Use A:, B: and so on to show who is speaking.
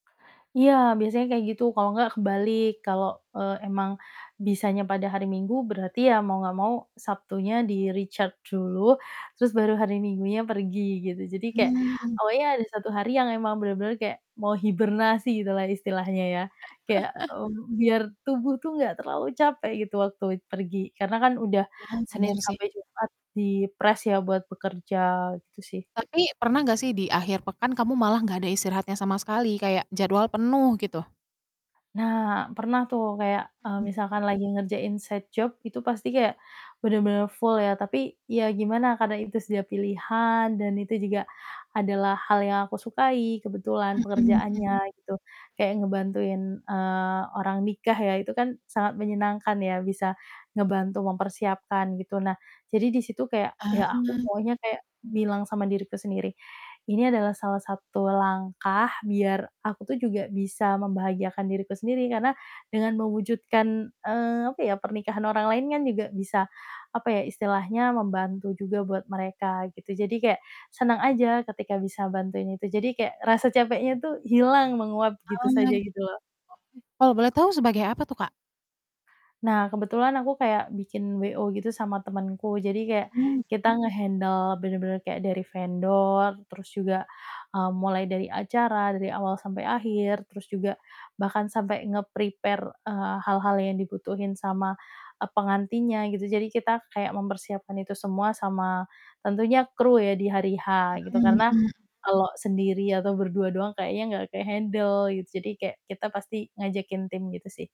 A: Iya, biasanya kayak gitu, kalau nggak kebalik kalau, eee, emang bisanya pada hari Minggu berarti ya mau nggak mau Sabtunya di-recharge dulu, terus baru hari Minggunya pergi gitu. Jadi kayak,
B: Hmm.
A: awalnya ada 1 hari yang emang bener-bener kayak mau hibernasi gitulah istilahnya ya. Kayak, mmm, biar tubuh tuh nggak terlalu capek gitu waktu pergi, karena kan udah
B: Wah,
A: Senin
B: bener sih.
A: sampai Jumat dipress ya, buat bekerja gitu sih.
B: Tapi pernah gak sih di akhir pekan kamu malah gak ada istirahatnya sama sekali kayak jadwal penuh gitu?
A: Nah, pernah tuh kayak, eee,
B: Hmm.
A: misalkan lagi ngerjain side job itu pasti kayak bener-bener full ya, tapi ya gimana karena itu sudah pilihan dan itu juga adalah hal yang aku sukai kebetulan
B: Mhm, mmm.
A: pekerjaannya gitu, kayak ngebantuin, eee, orang nikah ya, itu kan sangat menyenangkan ya bisa ngebantu mempersiapkan gitu. Nah jadi di situ kayak
B: Ah.
A: ya aku pokonya kayak bilang sama diriku sendiri, "Ini adalah salah satu langkah biar aku tuh juga bisa membahagiakan diriku sendiri, karena dengan mewujudkan, eee, apa ya pernikahan orang lain kan juga bisa apa ya, istilahnya membantu juga buat mereka," gitu. Jadi kayak seneng aja ketika bisa bantuin itu. Jadi kayak rasa capeknya tuh hilang menguap gitu
B: Ah,
A: saja
B: oke.
A: gitu loh.
B: Kalau boleh tahu sebagai apa tuh Kak?
A: Nah, kebetulan aku kayak bikin WO gitu sama temenku, jadi kayak
B: Hmm.
A: kita nge-handle bener-bener kayak dari vendor terus juga, mmm, mulai dari acara dari awal sampai akhir terus juga bahkan sampai nge-prepare, eee, hal-hal yang dibutuhin sama, eee, pengantinnya gitu, jadi kita kayak mempersiapkan itu semua sama tentunya kru ya di hari H gitu
B: Mhm
A: karena
B: mhm.
A: kalo sendiri atau berdua doang kayaknya enggak ke-handle gitu, jadi kayak kita pasti ngajakin tim gitu sih.